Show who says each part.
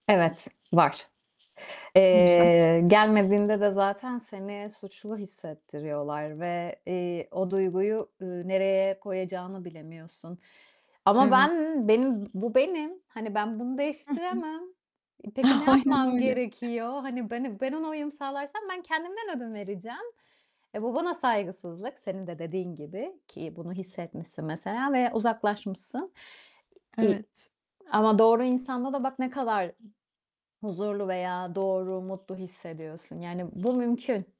Speaker 1: Evet, var.
Speaker 2: Güzel.
Speaker 1: Eee, gelmediğinde de zaten seni suçlu hissettiriyorlar ve, eee, o duyguyu, ııı, nereye koyacağını bilemiyorsun ama
Speaker 2: Evet.
Speaker 1: ben, benim bu benim. Hani ben bunu
Speaker 2: Hı hı.
Speaker 1: değiştiremem. E, peki ne
Speaker 2: Aynen,
Speaker 1: yapmam
Speaker 2: öyle.
Speaker 1: gerekiyor? Hani ben, ı ben ona uyum sağlarsam ben kendimden ödün vereceğim. E, bu bana saygısızlık, senin de dediğin gibi, ki bunu hissetmişsin mesela ve uzaklaşmışsın, iii,
Speaker 2: Evet.
Speaker 1: ama doğru insanda da bak ne kadar huzurlu veya doğru, mutlu hissediyorsun. Yani bu mümkün.